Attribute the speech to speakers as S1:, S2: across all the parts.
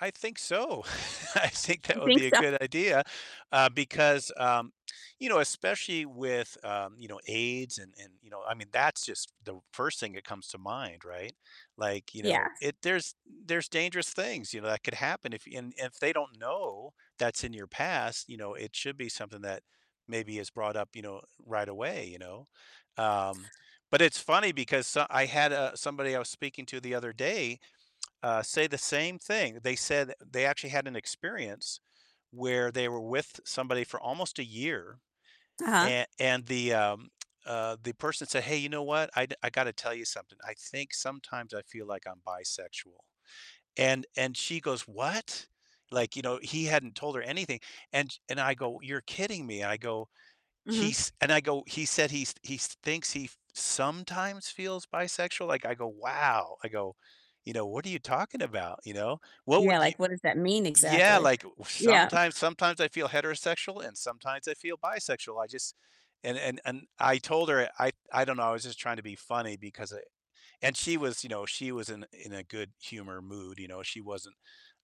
S1: I think so. I think that
S2: You
S1: would
S2: think
S1: be a
S2: so?
S1: good idea, uh, because, um you know, especially with, um, you know, AIDS and and you know, I mean, that's just the 1st thing that comes to mind, right? Like, you know,
S2: Yes.
S1: it there's there's dangerous things, you know, that could happen if and if they don't know that's in your past, you know, it should be something that maybe is brought up, you know, right away, you know? Um, but it's funny because so I had, uh, somebody I was speaking to the other day, uh, say the same thing, they said they actually had an experience where they were with somebody for almost a year,
S2: Uh-huh.
S1: an and the, um uh, the person said, "Hey, you know what? I do I gotta tell you something. I think sometimes I feel like I'm bisexual," and and she goes, "What?" Like, you know, he hadn't told her anything, and sh and I go, "You're kidding me?" I go,
S2: Mhm.
S1: "He's" And I go, "He said he's he's thinks he f sometimes feels bisexual?" Like I go, "Wow," I go, you know, "What are you talking about?" You know? What
S2: Yeah,
S1: would you
S2: like what does that mean
S1: Yeah,
S2: exactly?
S1: like, "W
S2: Yeah.
S1: sometimes sometimes I feel heterosexual, and sometimes I feel bisexual, I just" And and and I told her I I don't know, I was just trying to be funny because it And she was, you know, she was in in a good humor mood, you know, she wasn't,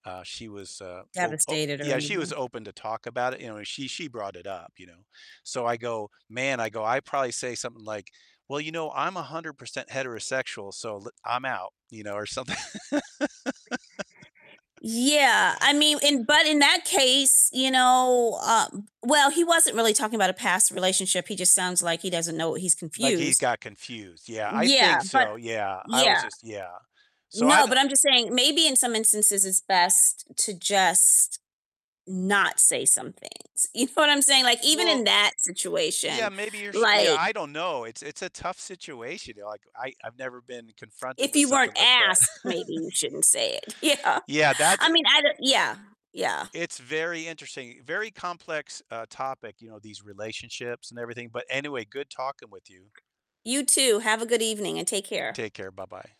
S1: uh She was, uh, ope o
S2: Devastated or
S1: Yeah, she was
S2: anything.
S1: open to talk about it, you know, and she she brought it up, you know? So I go, "Man," I go, "I'd probably say something like, 'Well, you know, I'm 100% heterosexual, so le I'm out.'" You know, or something
S2: Yeah, I mean, in but in that case, you know, um well, he wasn't really talking about a past relationship, he just sounds like he doesn't know what he's
S1: Like, he
S2: confused.
S1: got confused, yeah, I think
S2: Yeah, but
S1: so, yeah. I was
S2: Yeah.
S1: just yeah. So, I
S2: No, but
S1: don't
S2: I'm just saying maybe in some instances it's best to just not say some things, you know what I'm saying? Like, even in
S1: Well
S2: that situation,
S1: Yeah, maybe you're sh Yeah,
S2: like
S1: I don't know, it's it's a tough situation and, like, I I've never been confronted
S2: If
S1: with
S2: you weren't
S1: something like that.
S2: asked, maybe you shouldn't say it. Yeah.
S1: Yeah, that's,
S2: I
S1: eh
S2: mean, I'd, uh Yeah, yeah.
S1: It's very interesting, very complex, uh, topic, you know, these relationships and everything. But anyway, good talking with you.
S2: You too. Have a good evening and take care.
S1: Take care, bye-bye.